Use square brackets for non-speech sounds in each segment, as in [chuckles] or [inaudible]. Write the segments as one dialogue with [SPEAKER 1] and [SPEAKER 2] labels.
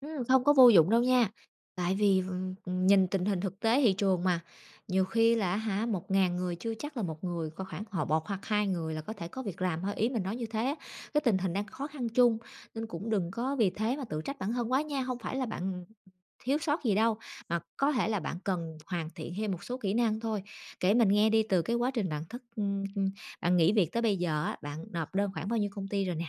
[SPEAKER 1] Ừm, không có vô dụng đâu nha, tại vì v ừm, ừm, nhìn tình hình thực tế thị trường mà, nhiều khi là, á hả, 1.000 người chưa chắc là một người có khoảng họ một hoặc hai người là có thể có việc làm thôi, ý mình nói như thế á. Cái tình hình đang khó khăn chung, nên cũng đừng có vì thế mà tự trách bản thân quá nha, hông phải là bạn thiếu sót gì đâu, mà có thể là bạn cần hoàn thiện thêm một số kỹ năng thôi. Kể mình nghe đi từ cái quá trình bạn thất ừm, ừm, bạn nghỉ việc tới bây giờ á, bạn nộp đơn khoảng bao nhiêu công ty rồi nè?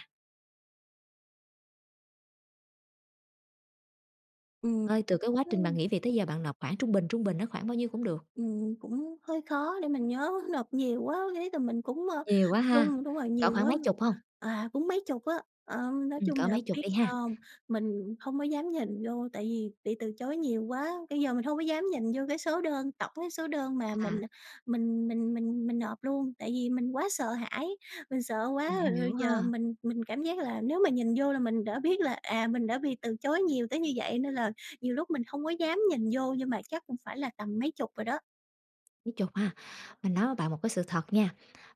[SPEAKER 2] Ừm,
[SPEAKER 1] Ơi, từ cái quá trình bạn
[SPEAKER 2] ừm.
[SPEAKER 1] nghỉ việc tới giờ bạn nộp khoảng trung bình trung bình nó khoảng bao nhiêu cũng được.
[SPEAKER 2] Ừm, cũng hơi khó để mình nhớ [chuckles] nộp nhiều quá, riết rồi mình cũng, ờ,
[SPEAKER 1] Nhiều quá ha,
[SPEAKER 2] run. Đúng rồi,
[SPEAKER 1] cỡ
[SPEAKER 2] nhiều
[SPEAKER 1] khoảng
[SPEAKER 2] quá.
[SPEAKER 1] mấy chục hông?
[SPEAKER 2] À, cũng mấy chục á. Ờ, nói
[SPEAKER 1] Ừm,
[SPEAKER 2] chung
[SPEAKER 1] cỡ
[SPEAKER 2] là
[SPEAKER 1] mấy chục
[SPEAKER 2] biết
[SPEAKER 1] đi
[SPEAKER 2] sao
[SPEAKER 1] ha.
[SPEAKER 2] hông? Mình hông có dám nhìn vô tại vì bị từ chối nhiều quá, bây giờ mình hông có dám nhìn vô cái số đơn tổng cái số đơn mà
[SPEAKER 1] À.
[SPEAKER 2] mình, à, mình mình mình mình nộp luôn tại vì mình quá sợ hãi. Mình sợ quá
[SPEAKER 1] Mình
[SPEAKER 2] rồi rồi
[SPEAKER 1] hiểu
[SPEAKER 2] giờ
[SPEAKER 1] ha.
[SPEAKER 2] mình mình cảm giác là nếu mà nhìn vô là mình đã biết là, à, mình đã bị từ chối nhiều tới như vậy nên là nhiều lúc mình không có dám nhìn vô nhưng mà chắc cũng phải là tầm mấy chục rồi đó.
[SPEAKER 1] Mấy chục ha, mình nói với bạn một cái sự thật nha.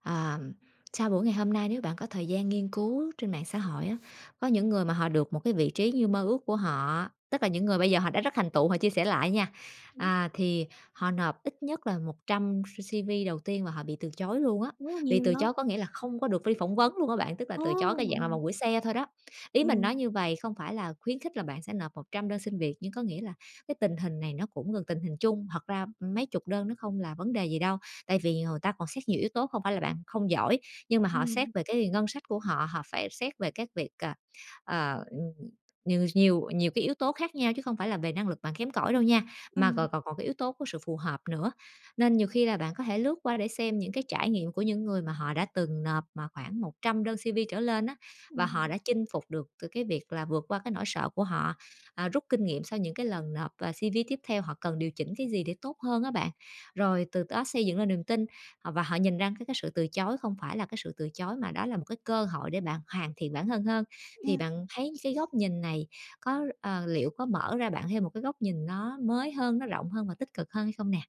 [SPEAKER 1] Ờm, sau buổi ngày hôm nay nếu bạn có thời gian nghiên cứu trên mạng xã hội á, có những người mà họ được một cái vị trí như mơ ước của họ, tức là những người bây giờ họ đã rất thành tựu, họ chia sẻ lại nha.
[SPEAKER 2] Ừm.
[SPEAKER 1] À, thì họ nộp ít nhất là 100 C CV đầu tiên và họ bị từ chối luôn á,
[SPEAKER 2] Wow,
[SPEAKER 1] bị
[SPEAKER 2] nhiều vậy.
[SPEAKER 1] từ chối có nghĩa là không có được đi phỏng vấn luôn á bạn, tức là
[SPEAKER 2] Ô!
[SPEAKER 1] từ chối cái dạng là vòng
[SPEAKER 2] Ừ.
[SPEAKER 1] gửi xe thôi đó. Ý mình nói
[SPEAKER 2] Ừm.
[SPEAKER 1] như vầy không phải là khuyến khích là bạn sẽ nộp 100 đơn xin việc, nhưng có nghĩa là cái tình hình này nó cũng gần tình hình chung. Thật ra mấy chục đơn nó không là vấn đề gì đâu, tại vì, ờ, ta còn xét nhiều yếu tố không phải là bạn không giỏi, nhưng mà họ xét
[SPEAKER 2] Ừm.
[SPEAKER 1] về cái ngân sách của họ, họ phải xét về các việc, à, ờ, ừm, nhiều s nhiều nhiều cái yếu tố khác nhau chứ không phải là về năng lực bạn kém cỏi đâu nha, mà
[SPEAKER 2] Ừm.
[SPEAKER 1] còn còn còn cái yếu tố của sự phù hợp nữa. Nên nhiều khi là bạn có thể lướt qua để xem những cái trải nghiệm của những người mà họ đã từng nộp mà khoảng 100 đơn CV trở lên á, và họ
[SPEAKER 2] Ừm.
[SPEAKER 1] đã chinh phục được từ cái việc là vượt qua cái nỗi sợ của họ, à, rút kinh nghiệm sau những cái lần nộp, à, CV tiếp theo họ cần điều chỉnh cái gì để tốt hơn á bạn. Rồi từ đó xây dựng lên niềm tin, à, và họ nhìn ra cái cái sự từ chối không phải là cái sự từ chối mà đó là một cái cơ hội để bạn hoàn thiện bản thân hơn. Thì
[SPEAKER 2] Ừm.
[SPEAKER 1] bạn thấy cái góc nhìn này có ờ, liệu có mở ra bạn thêm một cái góc nhìn nó mới hơn, nó rộng hơn và tích cực hơn hay không nè?